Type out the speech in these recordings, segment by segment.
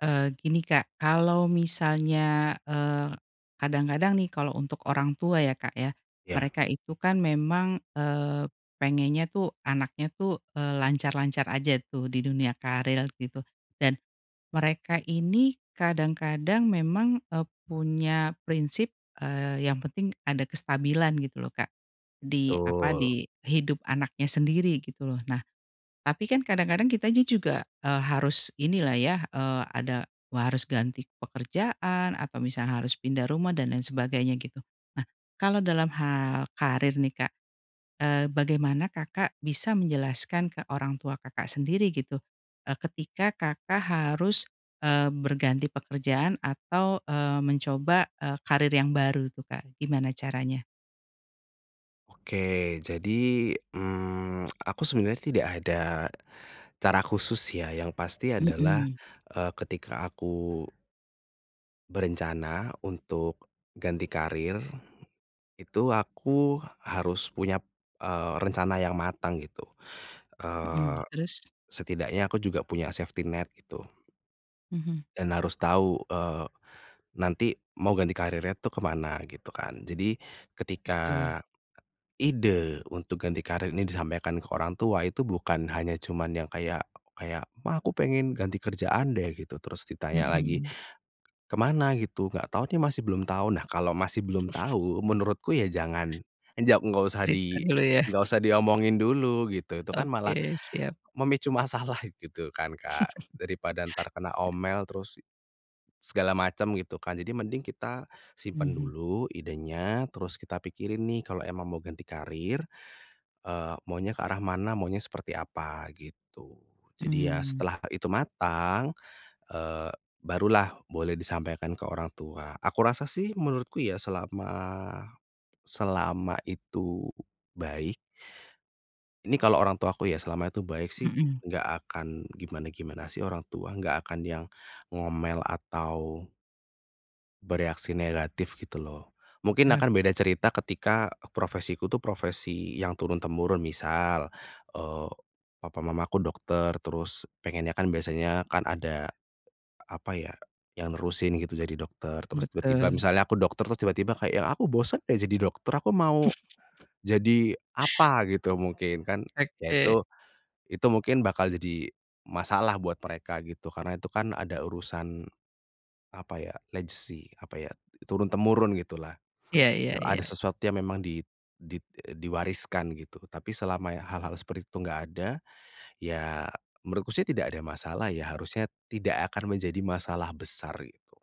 Eee, gini Kak, kalau misalnya, eee, kadang-kadang nih, kalau untuk orang tua ya, Kak, ya, Ya. mereka itu kan memang, eee, pengennya tuh, anaknya tuh, eee, lancar-lancar aja tuh di dunia karir gitu, dan, mereka ini kadang-kadang memang, eee, punya prinsip, eee, yang penting ada kestabilan gitu loh, Kak. Di, apa, Betul. di hidup anaknya sendiri gitu loh. Nah, tapi kan kadang-kadang kitanya juga, eee, harus ini lah ya, eee, ada, wah harus ganti pekerjaan, atau misalnya harus pindah rumah, dan lain sebagainya gitu. Nah, kalau dalam hal karir nih, Kak, eee, bagaimana Kakak bisa menjelaskan ke orang tua Kakak sendiri gitu, eee, ketika Kakak harus, eee, berganti pekerjaan atau, eee, mencoba, eee, karir yang baru tuh, Kak, gimana caranya? Oke jadi, mmm, aku sebenarnya tidak ada cara khusus ya, yang pasti adalah, Mmm. eee, ketika aku berencana untuk ganti karir, itu aku harus punya, p eee, rencana yang matang, gitu. Mmm, Eee, terus? setidaknya aku juga punya safety net, gitu. Mhm. Dan harus tahu, eee, nanti mau ganti karirnya itu ke mana, gitu kan. Jadi, ketika Betul. ide untuk ganti karir ini disampaikan ke orang tua, itu bukan hanya cuman yang kayak kayak, "Ma aku pengen ganti kerjaan deh" gitu, terus ditanya lagi, Mmm. "Kemana?" gitu, "Nggak tahu nih masih belum tahu," nah, kalau masih belum tahu, menurutku ya jangan, njaw nggak usah Cerita di dulu ya? nggak usah diomongin dulu, gitu. Itu kan Oke, malah, siap. memicu masalah, gitu kan, Kak? Daripada ntar kena Iya. omel terus, segala macam gitu kan? Jadi mending kita simpan Mhm. dulu idenya, terus kita pikirin nih kalau emang mau ganti karir, eee, maunya ke arah mana, maunya seperti apa, gitu. Jadi ya, Mmm. setelah itu matang, eee, barulah boleh disampaikan ke orang tua. Aku rasa sih menurutku ya, selama, selama itu baik ini kalau orang tuaku ya, selama itu baik sih, Mmm. nggak akan gimana-gimana sih orang tua, nggak akan yang ngomel atau bereaksi negatif gitu loh. Mungkin akan Oke. beda cerita ketika, profesiku tuh profesi yang turun-temurun, misal, eee, papa mamaku dokter, terus pengennya kan biasanya kan ada, apa ya, yang nerusin gitu jadi dokter. Terus tiba-tiba Betul. misalnya aku dokter, terus tiba-tiba kayak yang, "Aku bosan deh jadi dokter, aku mau jadi apa gitu," mungkin kan, ya Oke. itu, itu mungkin bakal jadi masalah buat mereka, gitu, karena itu kan ada urusan, apa ya, legacy, apa ya, turun-temurun gitulah. Iya iya E ada iya. sesuatu yang memang dit dit e diwariskan gitu, tapi selama ya hal-hal seperti itu enggak ada, ya menurutku sih tidak ada masalah ya, harusnya tidak akan menjadi masalah besar gitu.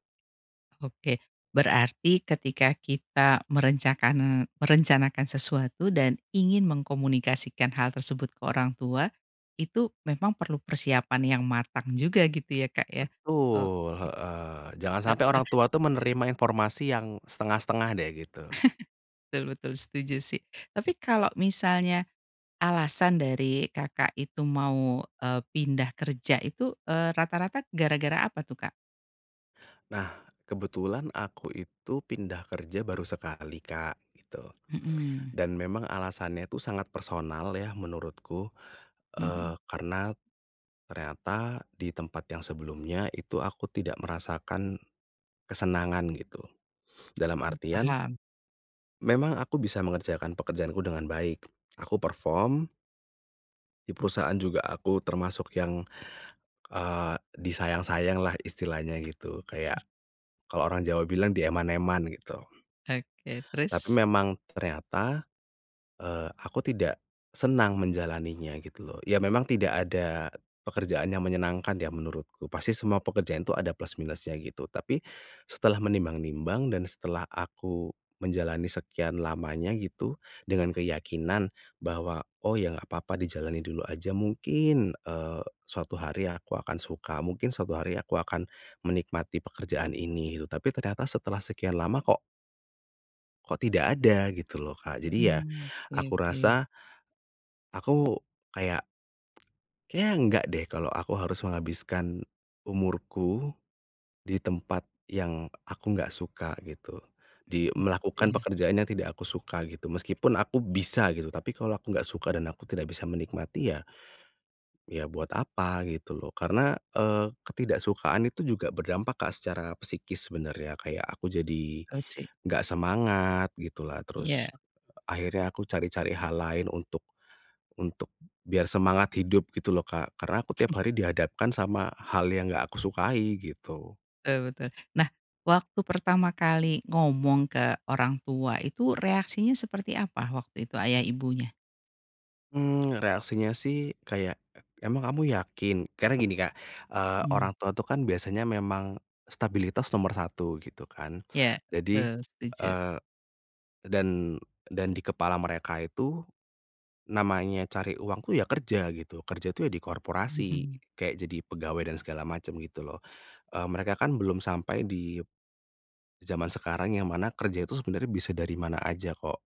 Oke, berarti ketika kita merencakan merencanakan sesuatu dan ingin mengkomunikasikan hal tersebut ke orang tua, itu memang perlu persiapan yang matang juga gitu ya Kak ya? Betul, Oke, heeh, jangan sampe orang heeh. tua tuh menerima informasi yang, setengah-setengah deh, gitu. Betul betul setuju sih, tapi kalau misalnya alasan dari Kakak itu mau, eee, pindah kerja itu, eee, rata-rata gara-gara apa tuh, Kak? Nah kebetulan aku itu pindah kerja baru sekali, Kak, gitu, Mhm. dan memang alasannya itu sangat personal ya menurutku, eee, Mhm. karena, ternyata di tempat yang sebelumnya itu aku tidak merasakan, kesenangan gitu, dalam Mmm, artian paham. memang aku bisa mengerjakan pekerjaanku dengan baik aku perform di perusahaan juga aku termasuk yang, eee, disayang-sayang lah istilahnya gitu kayak, kalau orang Jawa bilang dieman-eman gitu. Oke, Tapi terus? memang ternyata, eee, aku tidak senang menjalaninya gitu loh, ya memang tidak ada pekerjaan yang menyenangkan ya menurutku pasti semua pekerjaan itu ada plus minus-nya gitu, tapi, setelah menimbang-nimbang dan setelah aku menjalani sekian lamanya gitu dengan keyakinan bahwa, "Oh ya nggak apa-apa dijalani dulu aja. Mungkin, eee, suatu hari aku akan suka, mungkin suatu hari aku akan, menikmati pekerjaan ini," gitu tapi ternyata setelah sekian lama kok Kok tidak ada gitu loh, Kak, jadi ya, Mmm, aku oke oke. rasa aku kayak kayaknya enggak deh kalau aku harus menghabiskan, umurku, di tempat yang aku nggak suka gitu. Di Mmm, gitu melakukan ya. pekerjaan yang tidak aku suka gitu meskipun aku bisa gitu tapi kalau aku gak suka dan aku tidak bisa menikmati ya Ya buat apa gitu loh karena, eee, ketidaksukaan itu juga berdampak, Kak, secara psikis sebenarnya kayak aku jadi, Betul sih. nggak semangat gitulah terus, Iya. akhirnya aku cari-cari hal lain untuk, untuk biar semangat hidup gitu loh, Kak, karena aku tiap hari dihadapkan sama hal yang enggak aku sukai gitu. Betul betul, nah waktu pertama kali ngomong ke orang tua itu reaksinya seperti apa waktu itu ayah ibunya? Mmm, reaksinya sih kayak, "Emang kamu yakin?" Karena gini, Kak, eee, Mmm. orang tua itu kan biasanya memang, stabilitas nomor 1 gitu kan Iya jadi, betul setuju. eee, dan dan di kepala mereka itu, namanya cari uang tuh ya kerja gitu, kerja itu ya di korporasi Mhm. kayak jadi pegawai dan segala macam gitu loh. Eee, mereka kan belum sampai di, zaman sekarang yang mana kerja itu sebenarnya bisa dari mana aja kok,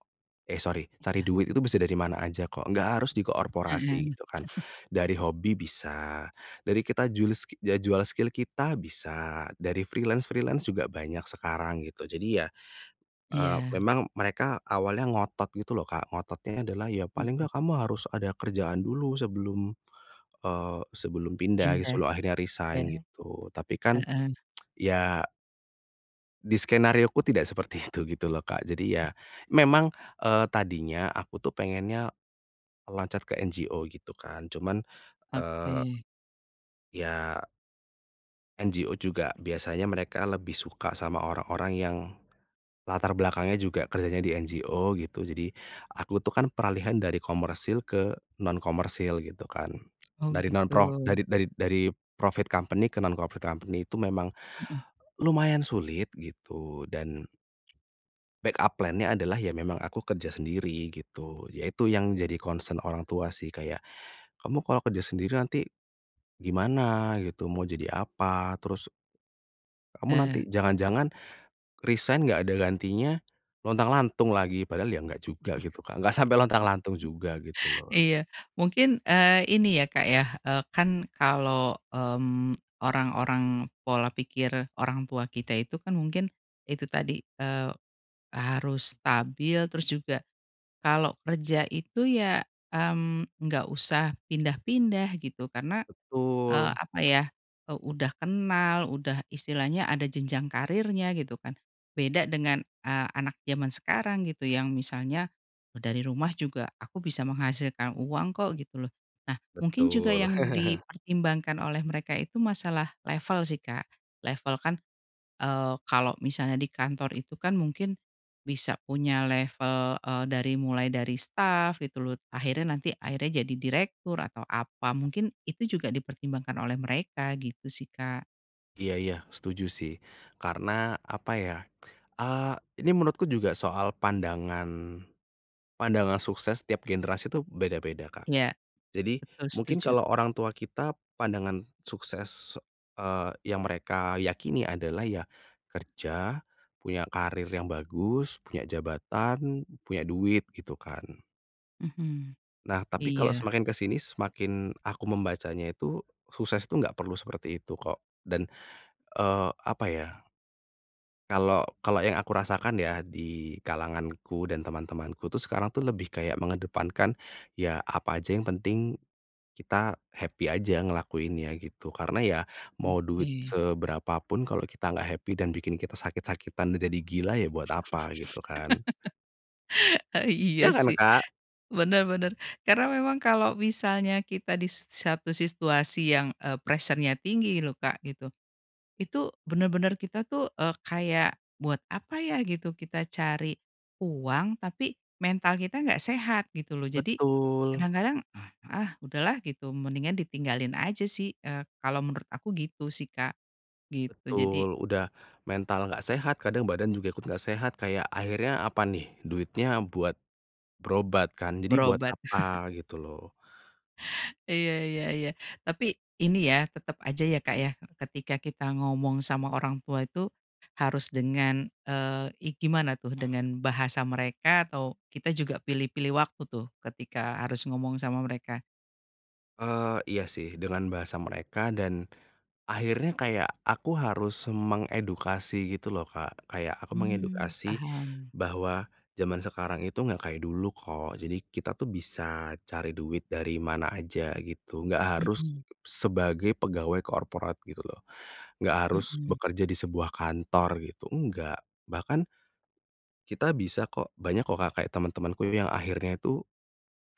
eh, sorry cari Iya. duit itu bisa dari mana aja kok nggak harus di korporasi Mhm. gitu kan. Dari hobi bisa, dari kita jul ski ya jual skill kita bisa dari freelance-freelance juga banyak sekarang gitu jadi ya, eee, Iya. memang mereka awalnya ngotot gitu loh, Kak, ngototnya adalah, "Ya paling Mhm. enggak kamu harus ada kerjaan dulu sebelum," eee, "sebelum pindah Pindah, sebelum akhirnya ya, resign," gitu tapi kan heeh. ya di skenarioku tidak seperti itu gitu loh, Kak, jadi ya [unintelligible] memang, eee, tadinya aku tuh pengennya, loncat ke NGO gitu kan cuman, eee Oke. ya NGO juga biasanya mereka lebih suka sama orang-orang yang, latar belakangnya juga kerjanya di NGO gitu jadi aku tuh kan peralihan dari komersil ke non-komersil gitu kan Oh dari non pro gitu. dari dari dari profit company ke non-profit company itu memang, Mhm. lumayan sulit gitu dan backup plan nya adalah ya memang aku kerja sendiri gitu yaitu yang jadi concern orang tua sih kayak, "Kamu kalau kerja sendiri nanti, gimana gitu mau jadi apa," terus "Kamu Heeh. nanti jangan-jangan, resign enggak ada gantinya, lontang-lantung lagi?" Padahal ya enggak juga gitu, Kak, enggak sampai lontang-lantung juga gitu loh. Iya mungkin, eee, ini ya, Kak, ya, eee, kan kalau, mmm, orang-orang pola pikir orang tua kita itu kan mungkin, itu tadi, eee, harus stabil terus juga, kalau kerja itu ya, mmm, nggak usah pindah-pindah gitu karena, eee, Betul. apa ya, udah kenal, udah istilahnya ada jenjang karirnya gitu kan. Beda dengan, eee, anak jaman sekarang gitu yang misalnya, e dari rumah juga aku bisa menghasilkan uang kok gitu loh. Nah mungkin juga Betul. yang dipertimbangkan oleh mereka itu masalah level sih, Kak. Level kan, eee, kalau misalnya di kantor itu kan mungkin, bisa punya level, eee, dari mulai dari staf gitu loh akhirnya nanti akhirnya jadi direktur atau apa mungkin itu juga dipertimbangkan oleh mereka gitu sih, Kak. Iya iya setuju sih, karena apa ya, eee, ini menurutku juga soal pandangan, pandangan sukses setiap generasi itu beda-beda, Kak. Iya, Jadi betul mungkin setuju. kalau orang tua kita pandangan sukses, eee, yang mereka yakini adalah ya, kerja, punya karir yang bagus punya jabatan, punya duit gitu kan. Mhm, Nah tapi kalau iya. semakin ke sini semakin aku membacanya itu, sukses itu enggak perlu seperti itu kok, dan, eee, apa ya kalau kalau yang aku rasakan ya di kalanganku dan teman-temanku tuh sekarang tuh lebih kayak mengedepankan ya apa aja yang penting, kita happy aja ngelakuinnya gitu, karena ya mau duit Oke. seberapa pun kalau kita enggak happy dan bikin kita sakit-sakitan dan jadi gila ya buat apa gitu kan. E Ya iya kan, sih, Kak? bener bener karena memang kalau misalnya kita di s satu situasi yang, eee, pressure-nya tinggi loh, Kak, gitu, itu bener-bener kita tuh, eee, kayak buat apa ya gitu kita cari uang tapi mental kita nggak sehat gitu loh jadi, Betul. kadang-kadang, ah ah, udah lah gitu mendingan ditinggalin aja sih, eee, kalau menurut aku gitu sih, Kak, gitu, jadi Betul, udah mental nggak sehat kadang badan juga ikut nggak sehat kayak akhirnya apa nih duitnya buat, berobat kan jadi buat Berobat. apa gitu loh. Iya iya iya tapi ini ya tetap aja ya, Kak, ya ketika kita ngomong sama orang tua itu, harus dengan, eee, i gimana tuh dengan bahasa mereka atau kita juga pilih-pilih waktu tuh ketika harus ngomong sama mereka? Eee, iya sih dengan bahasa mereka dan, akhirnya kayak aku harus mengedukasi gitu loh, Kak, kayak aku Mmm, mengedukasi, paham. bahwa zaman sekarang itu enggak kayak dulu kok, jadi kita tuh bisa cari duit dari mana aja gitu enggak harus, Mhm. sebagai pegawai korporat gitu loh, enggak harus Mhm. bekerja di sebuah kantor gitu, enggak, bahkan kita bisa kok banyak kok, Kak, kayak teman-temanku yang akhirnya itu,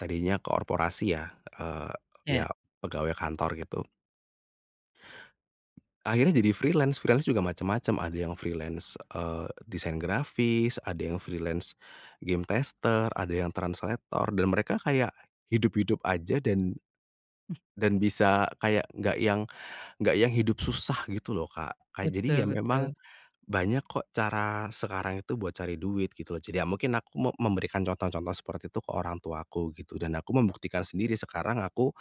tadinya korporasi ya, eee, Iya. ya pegawai kantor gitu akhirnya jadi freelance, freelance juga macam-macam ada yang freelance, eee, desain grafis ada yang freelance game tester, ada yang translator, dan mereka kayak, hidup-hidup saja dan, Hmm. dan bisa kayak nggak yang nggak yang hidup susah gitu loh, Kak, kayak jadi Betul ya memang, betul. banyak kok cara sekarang itu buat cari duit gitu loh, jadi mungkin aku me memberikan contoh-contoh seperti itu ke orang tuaku gitu dan aku membuktikan sendiri sekarang aku,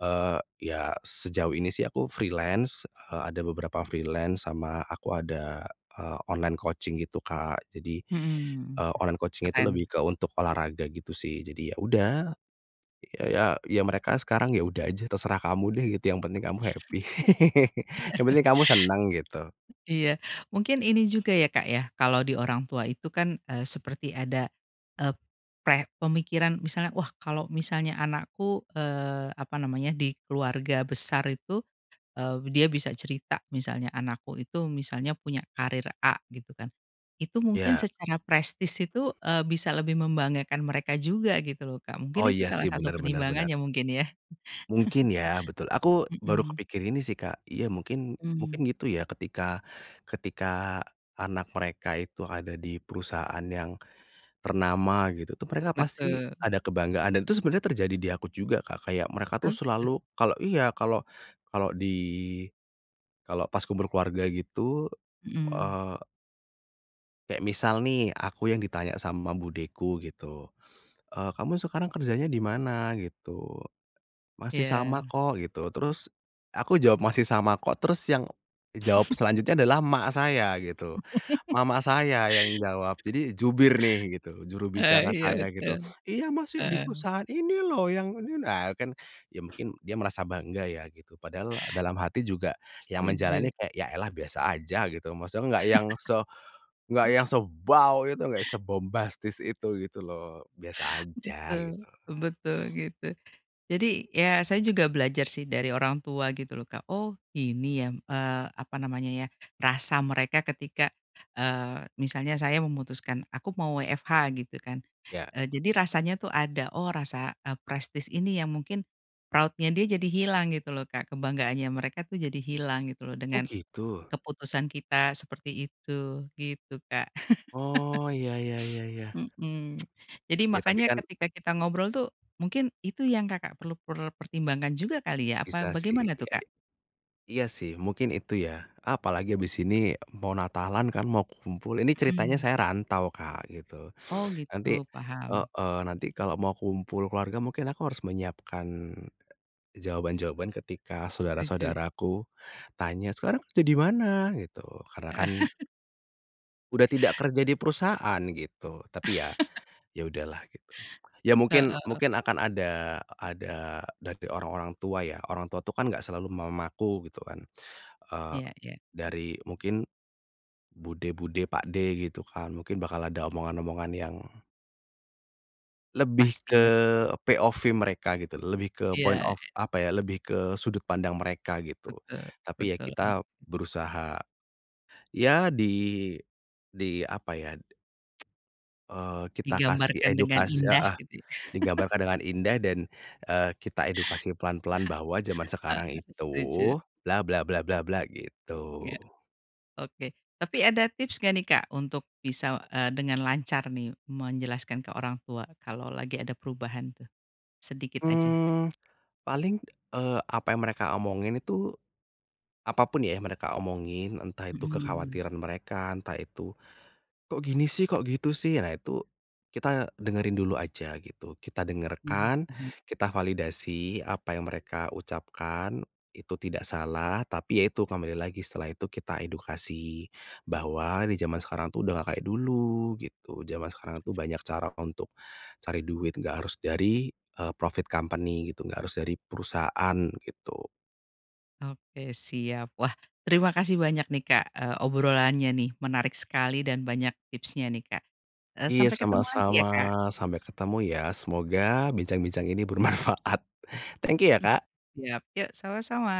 eee, ya sejauh ini sih aku freelance, eee, ada beberapa freelance sama aku ada, eee, online coaching gitu, Kak, jadi, Mhm, eee, online coaching itu keren. lebih ke untuk olahraga gitu sih jadi ya udah, ya ya ya mereka sekarang ya udah aja terserah kamu deh gitu yang penting kamu happy, yang penting kamu senang gitu. Iya mungkin ini juga ya, Kak, ya kalau di orang tua itu kan, eee, seperti ada, eee, pre pemikiran misalnya wah kalau misalnya anakku, eee, apa namanya di keluarga besar itu, eee, dia bisa cerita misalnya anakku itu misalnya punya karir A gitu kan, itu mungkin Iya. secara prestise itu, eee, bisa lebih membanggakan mereka juga gitu loh, Kak, Oh mungkin itu iya salah sih satu benar benar pertimbangannya benar. mungkin ya? Mungkin ya betul aku baru Mhm. kepikir ini sih, Kak, iya mungkin mungkin Mmm. gitu ya ketika ketika anak mereka itu ada di perusahaan yang, ternama gitu tuh mereka pasti Betul. ada kebanggaan dan itu sebenarnya terjadi di aku juga, Kak, kayak mereka Oh tuh gitu. selalu kalau iya kalau kalau di, kalau pas kumpul keluarga gitu, Mhm. eee kayak misal nih aku yang ditanya sama budeku gitu, eee, "Kamu sekarang kerjanya di mana?" Gitu, masih sama Iya. kok gitu terus aku jawab, "masih sama kok" Terus yang jawab selanjutnya adalah emak saya gitu, mama saya yang jawab jadi jubir nih gitu juru Oh bicara iya saya gitu, betul, "Iya masih di heeh. perusahaan ini loh yang ini" Nah kan ya mungkin dia merasa bangga ya gitu padahal dalam hati juga, yang Setuju. menjalani kayak ya elah biasa aja gitu maksudnya nggak yang se nggak yang sebaw itu nggak sebombastis itu gitu loh biasa aja Betul, gitu. betul gitu, jadi ya saya juga belajar sih dari orang tua gitu loh, Kak, oh ini ya, m eee, apa namanya ya rasa mereka ketika, eee, misalnya saya memutuskan aku mau WFH gitu kan, Ya. eee, jadi rasanya tuh ada oh rasa, eee, prestise ini ya mungkin, proud-nya dia jadi hilang gitu loh, Kak, kebanggaannya mereka tuh jadi hilang gitu loh Oh dengan, gitu? keputusan kita seperti itu gitu, Kak. Oh iya iya iya iya. Mhm, jadi Ya tapi makanya kan ketika kita ngobrol tuh, mungkin itu yang Kakak perlu per pertimbangkan juga kali ya apa Bisa sih bagaimana tuh, iya, Kak? iya sih mungkin itu ya, apalagi habis ini mau natalan kan mau ku kumpul, ini ceritanya Mhm. saya rantau, Kak, gitu, Oh nanti gitu paham. heeh, nanti kalau mau kumpul keluarga mungkin aku harus menyiapkan, e jawaban-jawaban ketika Setuju. saudara-saudaraku tanya, "Sekarang kerja di mana?" Gitu, karena kan udah tidak kerja di perusahaan gitu tapi ya, ya udah lah gitu, ya mungkin Heeh. mungkin akan ada ada dari orang-orang tua ya, orang tua itu kan enggak selalu mamaku gitu kan, eee, Iya iya. dari mungkin, bude-bude pakde gitu kan mungkin bakal ada omongan-omongan yang lebih ke Pasti ya. POV mereka gitu, lebih ke Iya point of iya. apa ya lebih ke sudut pandang mereka gitu, Betul tapi ya betul kita oke. berusaha. Ya di, di apa ya de eee, kita kasih Digambarkan dengan edukas indah heeh, gitu. digambarkan dengan indah dan, eee, kita edukasi pelan-pelan bahwa zaman Heeh, sekarang itu, setuju. bla bla bla bla bla gitu. Iya, oke tapi ada tips gak nih, Kak, untuk bisa, eee, dengan lancar nih menjelaskan ke orang tua kalau lagi ada perubahan tuh? Sedikit aja. Mmm, paling, eee, apa yang mereka omongin itu, apa pun ya yang mereka omongin entah itu Mhm. kekhawatiran mereka, entah itu, "Kok gini sih? Kok gitu sih?" Nah itu, kita dengerin dulu aja gitu, kita Mhm, dengarkan, paham. kita validasi apa yang mereka ucapkan itu tidak salah, tapi ya itu kembali lagi setelah itu kita edukasi, bahwa di zaman sekarang itu udah nggak kayak dulu gitu, zaman sekarang itu banyak cara untuk cari duit nggak harus dari, eee, profit company gitu nggak harus dari perusahaan gitu. Oke siap, wah terima kasih banyak nih, Kak, eee, obrolannya nih menarik sekali dan banyak tipsnya nih, Kak, eee, Iya sampai ketemu lagi sama-sama ya, Kak. sampai ketemu ya, semoga bincang-bincang ini bermanfaat, thank you ya, Hmm. Kak. Siap yuk sama-sama.